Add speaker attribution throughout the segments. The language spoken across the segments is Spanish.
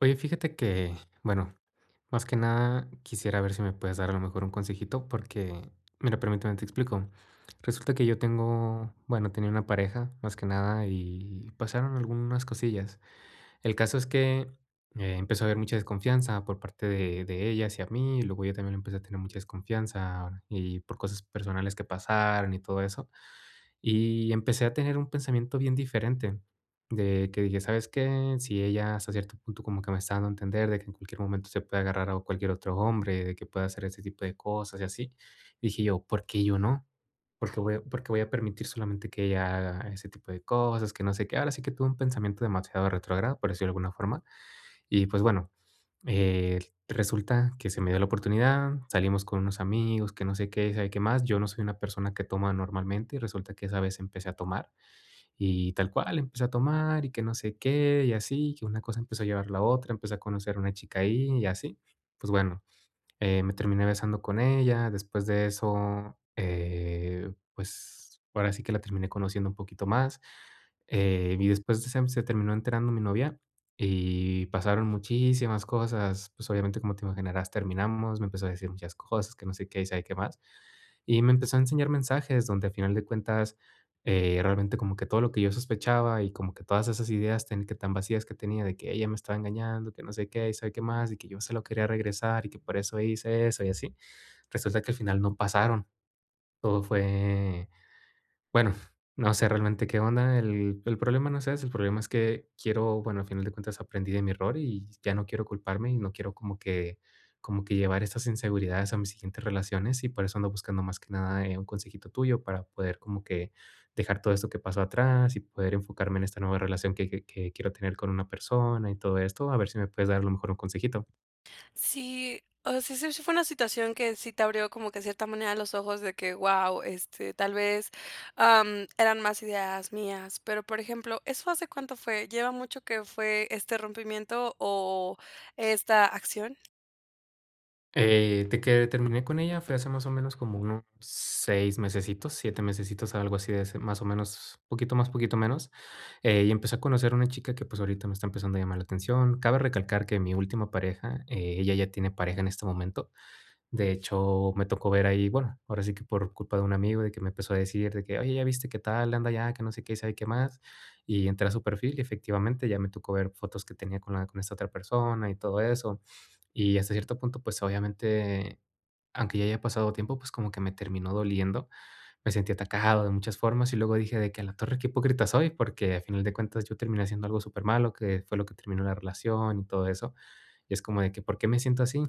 Speaker 1: Oye, fíjate que, bueno, más que nada, quisiera ver si me puedes dar a lo mejor, un consejito, porque mira, permíteme, te explico. Resulta que yo tengo bueno, tenía una pareja, más que nada, y pasaron algunas cosillas. El caso, es que empezó a haber mucha desconfianza, por parte de de ella hacia mí, y luego yo también le empecé a tener mucha desconfianza, y por cosas personales que pasaron, y todo eso. Y empecé a tener un pensamiento bien diferente, de que dije: "¿Sabes qué?, si ella, hasta cierto punto, como que me está dando a entender, de que en cualquier momento, se puede agarrar a un cualquier otro hombre, de que pueda hacer ese tipo de cosas, y así". Dije yo: "¿Por qué yo no? ¿Por qué voy por qué voy a permitir solamente que ella haga ese tipo de cosas?, que no sé qué". Ahora sí que tuve un pensamiento demasiado retrógrado, por decirlo de alguna forma. Y, pues, bueno, eh, resulta que se me dio la oportunidad, salimos con unos amigos, que no sé qué, sabe qué más. Yo no soy una persona que toma normalmente, y resulta que esa vez, empecé a tomar, y tal cual, empecé a tomar, y que no sé qué. Y así, y que una cosa empezó a llevar a la otra, empecé a conocer una chica ahí, y así. Pues, bueno, eh, me terminé besando con ella. Después de eso, eh, pues ahora sí que la terminé conociendo un poquito más. Eh, y después de sem se terminó enterando mi novia, y pasaron muchísimas cosas. Pues, obviamente, como te imaginarás, terminamos. Me empezó a decir muchas cosas, que no sé qué, y sabe que más. Y me empezó a enseñar mensajes, donde a final de cuentas, eh, realmente como que todo lo que yo sospechaba, y como que todas esas ideas, ten que tan vacías que tenía, de que ella me estaba engañando, que no sé qué, y sabe qué más. Y que yo se lo quería regresar, y que por eso hice eso, y así. Resulta que al final no pasaron. Todo fue bueno, no sé, realmente qué onda. El el problema no es ese, el problema es que quiero Bueno, al final de cuentas, aprendí de mi error, y ya no quiero culparme. Y no quiero como que como que llevar esas inseguridades a mis siguientes relaciones. Y por eso ando buscando más que nada, eh, un consejito tuyo, para poder como que dejar todo esto que pasó, atrás. Y poder enfocarme en esta nueva relación, que que que quiero tener con una persona, y todo esto. A ver si me puedes dar, a lo mejor, un consejito.
Speaker 2: Sí, o sea, sí sí fue una situación que sí te abrió como que, de cierta manera, los ojos, de que: "Wao, este, tal vez, am, eran más ideas mías". Pero, por ejemplo, ¿eso hace cuánto fue? ¿Lleva mucho que fue este rompimiento o esta acción?
Speaker 1: Eh, de que terminé con ella, fue hace más o menos como unos 6 mesecitos, 7 mesecitos, algo así de ese más o menos, poquito más, poquito menos, eh, y empecé a conocer una chica que, pues, ahorita me está empezando a llamar la atención. Cabe recalcar que mi última pareja, eh, ella ya tiene pareja en este momento. De hecho, me tocó ver ahí, bueno, ahora sí que por culpa de un amigo, de que me empezó a decir, de que: "Oye, ya viste qué tal, anda allá, que no sé qué, y sabe qué más". Y entré a su perfil, y efectivamente, ya me tocó ver fotos que tenía con la con esta otra persona y todo eso. Y hasta cierto punto, pues, obviamente, aunque ya haya pasado tiempo, pues, como que me terminó doliendo, me sentí atacado de muchas formas. Y luego dije de que: "A la torre, qué hipócrita soy", porque a final de cuentas yo terminé haciendo algo súper malo, que fue lo que terminó la relación y todo eso. Y es como de que, ¿por qué me siento así?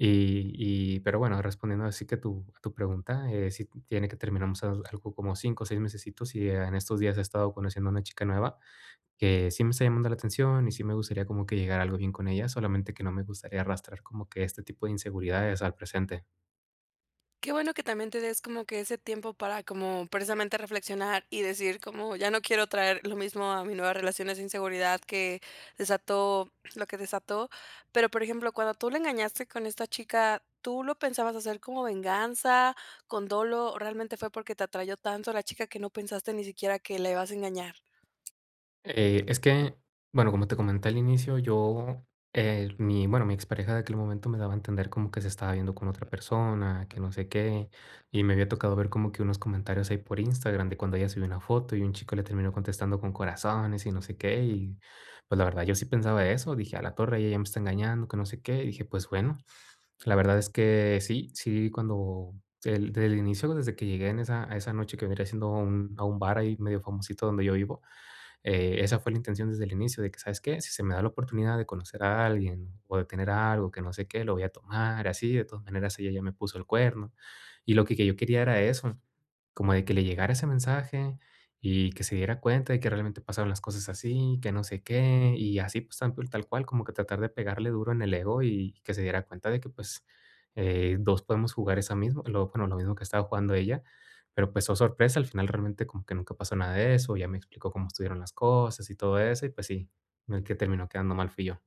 Speaker 1: Y y, pero bueno, respondiendo ahora sí que a tu a tu pregunta, eh, sí t tiene que terminamos as algo como 5, 6 mesecitos, y, eh, en estos días he estado conociendo a una chica nueva. Que sí me está llamando la atención, y sí me gustaría como que llegara a algo bien con ella. Solamente que no me gustaría arrastrar como que este tipo de inseguridades al presente.
Speaker 2: Qué bueno que también te des como que ese tiempo para como, precisamente reflexionar y decir como: "Ya no quiero traer lo mismo a mi nueva relaciones de inseguridad que desató lo que desató". Pero, por ejemplo, cuando tú la engañaste con esta chica, ¿tú lo pensabas hacer como venganza, con dolo, o realmente fue porque te atrajo tanto la chica que no pensaste ni siquiera que la ibas a engañar?
Speaker 1: Eh, es que, bueno, como te comenté al inicio, yo, eh, mi bueno, mi ex pareja de aquel momento me daba a entender como que se estaba viendo con otra persona, que no sé qué. Y me había tocado ver como que unos comentarios ahí por Instagram de cuando ella subió una foto, y un chico le terminó contestando con corazones y no sé qué, y, pues, la verdad yo sí pensaba eso. Dije: "A la torre, ella me está engañando, que no sé qué". Y dije, pues, bueno, la verdad es que sí, sí cuando del desde el inicio, desde que llegué en esa a esa noche que venía haciendo un a un bar ahí medio famosito donde yo vivo, eh, esa fue la intención desde el inicio, de que: "¿Sabes qué? Si se me da la oportunidad de conocer a alguien, o de tener a algo, que no sé qué, lo voy a tomar, así, de todas maneras ella ya me puso el cuerno". Y lo que que yo quería era eso, como de que le llegara ese mensaje, y que se diera cuenta de que realmente pasaron las cosas así, que no sé qué, y así, pues, tal cul tal cual como que tratar de pegarle duro en el ego y que se diera cuenta de que, pues, eh, 2 podemos jugar esa mismo lo bueno, lo mismo que estaba jugando ella. Pero, pues, oh, sorpresa. Al final, realmente, como que nunca pasó nada de eso. Ella me explicó cómo estuvieron las cosas y todo eso, y, pues, sí, el que terminó quedando mal fui yo.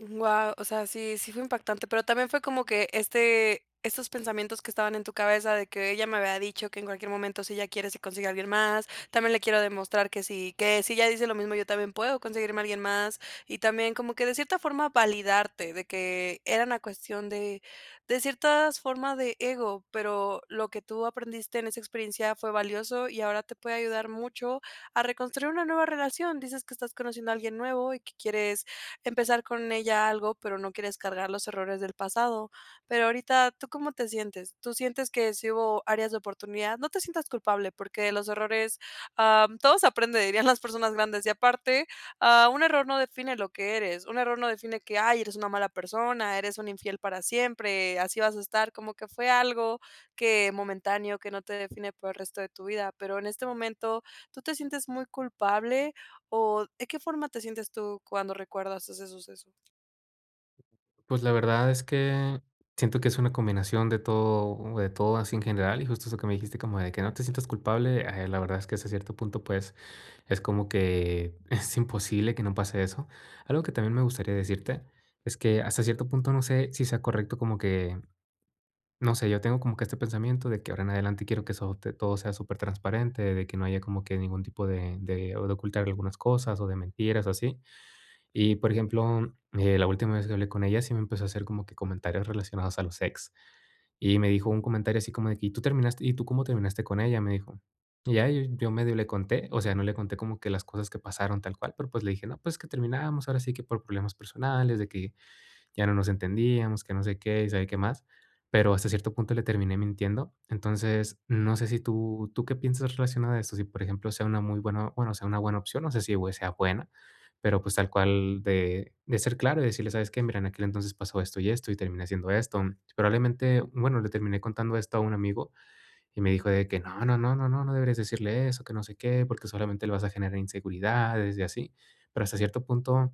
Speaker 2: Guau, o sea, sí sí fue impactante, pero también fue como que este esos pensamientos que estaban en tu cabeza de que: "Ella me había dicho que en cualquier momento si ella quiere se consigue a alguien más. También le quiero demostrar que si que si ella dice lo mismo, yo también puedo conseguirme a alguien más". Y también como que de cierta forma validarte de que era una cuestión de decir todas formas de ego, pero lo que tú aprendiste en esa experiencia fue valioso, y ahora te puede ayudar mucho a reconstruir una nueva relación. Dices que estás conociendo a alguien nuevo y que quieres empezar con ella algo, pero no quieres cargar los errores del pasado. Pero ahorita, ¿tú cómo te sientes? ¿Tú sientes que sí hubo áreas de oportunidad? No te sientas culpable, porque de los errores, am, todo se aprende, dirían las personas grandes, y aparte, ah, un error no define lo que eres, un error no define que: "Ay, eres una mala persona, eres un infiel para siempre". Así vas a estar como que fue algo que momentáneo, que no te define por el resto de tu vida, pero en este momento, ¿tú te sientes muy culpable? O, ¿de qué forma te sientes tú cuando recuerdas ese suceso?
Speaker 1: Pues, la verdad es que, siento que es una combinación de todo, de todo así en general, y justo eso que me dijiste como de que: "No te sientas culpable", eh, la verdad es que hasta cierto punto, pues, es como que es imposible que no pase eso. Algo que también me gustaría decirte es que, hasta cierto punto, no sé si sea correcto como que no sé, yo tengo como que este pensamiento de que ahora en adelante quiero que eso te todo sea supertransparente, de que no haya como que ningún tipo de de ocultar algunas cosas, o de mentiras, así. Y, por ejemplo, mm, eh, la última vez que hablé con ella sí me empezó a hacer como que comentarios relacionados a los ex. Y me dijo un comentario así como de: "¿Y tú terminaste y tú cómo terminaste con ella?", me dijo. Y ya, yo medio le conté, o sea, no le conté como que las cosas que pasaron tal cual, pero, pues, le dije, no, pues, que terminábamos ahora sí que por problemas personales, de que ya no nos entendíamos, que no sé qué, y sabe qué más. Pero, hasta cierto punto, le terminé mintiendo. Entonces, no sé si tú tú qué piensas relacionado a esto, si por ejemplo sea una muy buena bueno, sea una buena opción, no sé si u eh, sea buena. Pero, pues, tal cual, de de ser claro y decirle: "¿Sabes qué?, mira, en aquel entonces pasó esto y esto, y terminé haciendo esto". Probablemente, bueno, le terminé contando esto a un amigo, y me dijo de que: "No, no, no, no, no, no deberías decirle eso, que no sé qué, porque solamente le vas a generar inseguridades y así". Pero hasta cierto punto,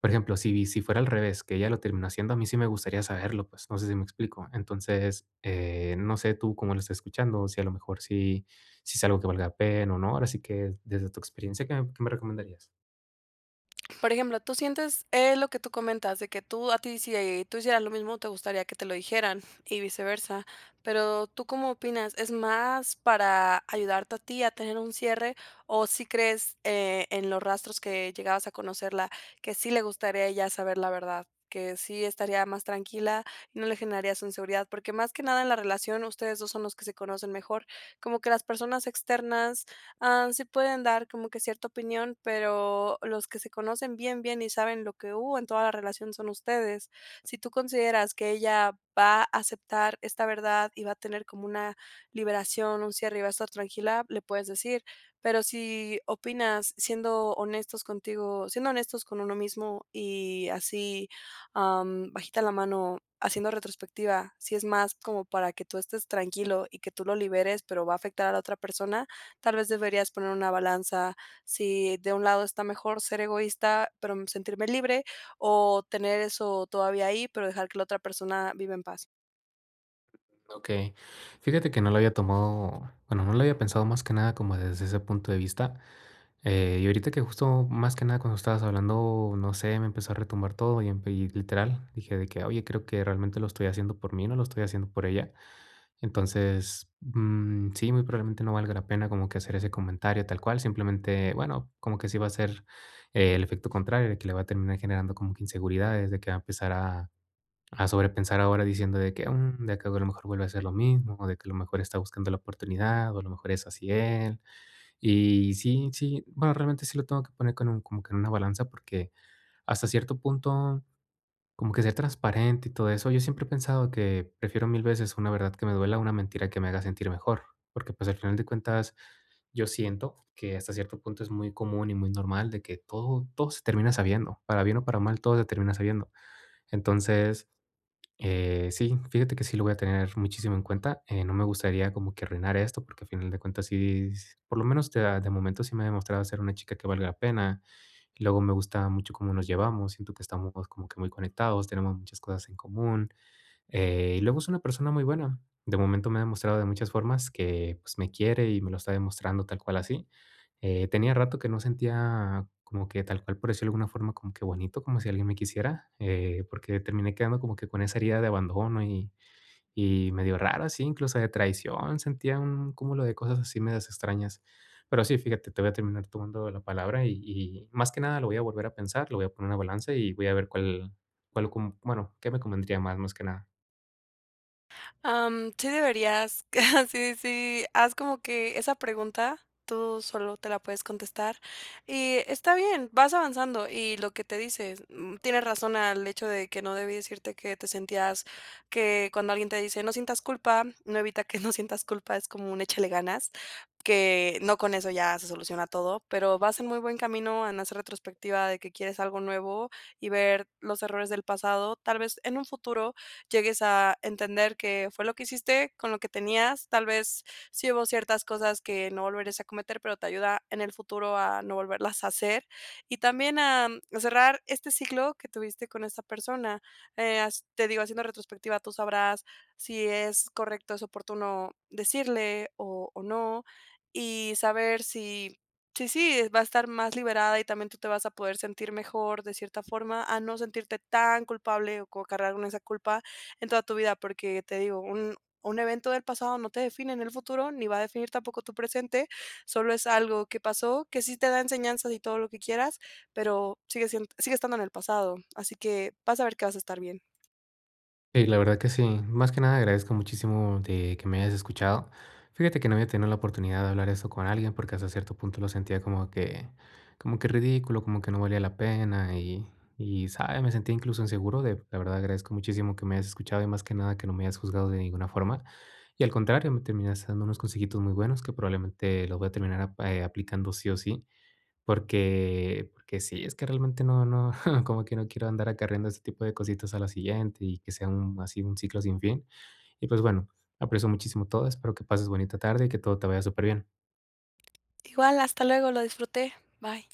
Speaker 1: por ejemplo, si si fuera al revés, que ella lo terminó haciendo, a mí sí me gustaría saberlo, pues, no sé si me explico. Entonces, eh, no sé tú cómo lo estás escuchando, si a lo mejor si, si es algo que valga pena o no. Ahora sí que, desde tu experiencia, ¿qué m qué me recomendarías?
Speaker 2: Por ejemplo, tú sientes, eh, lo que tú comentas de que tú a ti si, eh, tú hicieras lo mismo, te gustaría que te lo dijeran, y viceversa. Pero, ¿tú cómo opinas? ¿Es más para ayudarte a ti a tener un cierre, o sí crees, eh, en los rastros que llegabas a conocerla, que sí le gustaría a ella saber la verdad, que sí estaría más tranquila, no le generarías inseguridad? Porque más que nada en la relación ustedes 2 son los que se conocen mejor, como que las personas externas, ah, sí pueden dar como que cierta opinión, pero los que se conocen bien, bien, y saben lo que hubo en toda la relación son ustedes. Si tú consideras que ella va a aceptar esta verdad y va a tener como una liberación, un cierre y va a estar tranquila, le puedes decir. Pero si opinas siendo honestos contigo siendo honestos con uno mismo y así, am, bajita la mano haciendo retrospectiva. Si es más como para que tú estés tranquilo y que tú lo liberes, pero va a afectar a la otra persona, tal vez deberías poner una balanza. Si de un lado está mejor ser egoísta, pero, mm, sentirme libre, o tener eso todavía ahí, pero dejar que la otra persona viva en paz.
Speaker 1: Okey, fíjate que no lo había tomado Bueno, no lo había pensado más que nada como desde ese punto de vista, eh, y ahorita que justo, más que nada cuando estabas hablando, no sé, me empezó a retumbar todo, y empe y literal, dije de que: "Oye, creo que realmente lo estoy haciendo por mí, no lo estoy haciendo por ella". Entonces, mm, sí, muy probablemente no valga la pena como que hacer ese comentario tal cual. Simplemente, bueno, como que sí va a ser el efecto contrario, de que le va a terminar generando como que inseguridades, de que va a empezar a a sobrepensar ahora diciendo de que: "Mm, de que, a lo mejor, vuelve a ser lo mismo, o de que a lo mejor está buscando la oportunidad, o a lo mejor es así él". Y sí, sí, bueno, realmente sí lo tengo que poner con un como que en una balanza, porque hasta cierto punto, como que ser transparente y todo eso Yo siempre he pensado que prefiero mil veces una verdad que me duela, a una mentira que me haga sentir mejor. Porque, pues, al final de cuentas, yo siento, que hasta cierto punto, es muy común y muy normal, de que todo todo se termina sabiendo, para bien o para mal, todo se termina sabiendo. Entonces, eh, sí, fíjate que sí lo voy a tener muchísimo en cuenta, eh, no me gustaría como que arruinar esto, porque, al final de cuentas, sí, s por lo menos, te da de momento, sí me ha demostrado ser una chica que valga la pena. Luego, me gusta mucho cómo nos llevamos, siento que estamos como que muy conectados, tenemos muchas cosas en común, eh, y luego, es una persona muy buena. De momento, me ha demostrado de muchas formas que, pues, me quiere, y me lo está demostrando tal cual así, eh, tenía rato que no sentía como que, tal cual por decir, de alguna forma como que bonito, como si alguien me quisiera, eh, porque terminé quedando como que con esa herida de abandono y y medio raro, sí, incluso de traición. Sentía un cúmulo de cosas así, medias extrañas. Pero sí, fíjate, te voy a terminar tomando la palabra y y más que nada lo voy a volver a pensar, lo voy a poner en una balanza y voy a ver cuál cuál com bueno, qué me convendría más, más que nada.
Speaker 2: Am, sí deberías sí, sí. Haz como que esa pregunta, tú sólo te la puedes contestar. Y está bien, vas avanzando. Y lo que te dices, mm, tienes razón, al hecho de que no debí decirte, que te sentías que cuando alguien te dice: "No sientas culpa", no evita que no sientas culpa. Es como un échale ganas, que no con eso ya se soluciona todo. Pero vas en muy buen camino, en hacer retrospectiva de que quieres algo nuevo, y ver los errores del pasado. Tal vez, en un futuro, llegues a entender, qué fue lo que hiciste con lo que tenías. Tal vez, sí hubo ciertas cosas que no volverías a cometer, pero te ayuda en el futuro a no volverlas a hacer. Y también, a cerrar este ciclo que tuviste con esta persona. Eh, has te digo, haciendo retrospectiva, tú sabrás si es correcto, es oportuno decirle, o o no. Y saber si, si sí va a estar más liberada. Y también tú te vas a poder sentir mejor, de cierta forma, a no sentirte tan culpable, o co cargar con esa culpa, en toda tu vida. Porque te digo, un un evento del pasado, no te define en el futuro, ni va a definir tampoco tu presente. Solo es algo que pasó, que sí te da enseñanzas, y todo lo que quieras, pero sigue sien sigue estando en el pasado. Así que, vas a ver que vas a estar bien.
Speaker 1: Eh, y la verdad que sí. Más que nada, agradezco muchísimo de que me hayas escuchado. Fíjate, que no había tenido la oportunidad, de hablar eso con alguien, porque hasta cierto punto lo sentía como que como que ridículo, como que no valía la pena. Y y, ¿sabes?, me sentía incluso, inseguro de La verdad, agradezco muchísimo que me hayas escuchado, y más que nada, que no me hayas juzgado de ninguna forma. Y al contrario, me terminas dando unos consejitos muy buenos, que probablemente, lo voy a terminar, ah, eh, aplicando, sí o sí, porque porque sí. Es que realmente, no no como que no quiero, andar acarreando este tipo de cositas a la siguiente, y que sea un así, un ciclo sin fin. Y, pues, bueno, aprecio muchísimo todo. Espero que pases bonita tarde, y que todo te vaya súper bien.
Speaker 2: Igual. Hasta luego. Lo disfruté. Bye.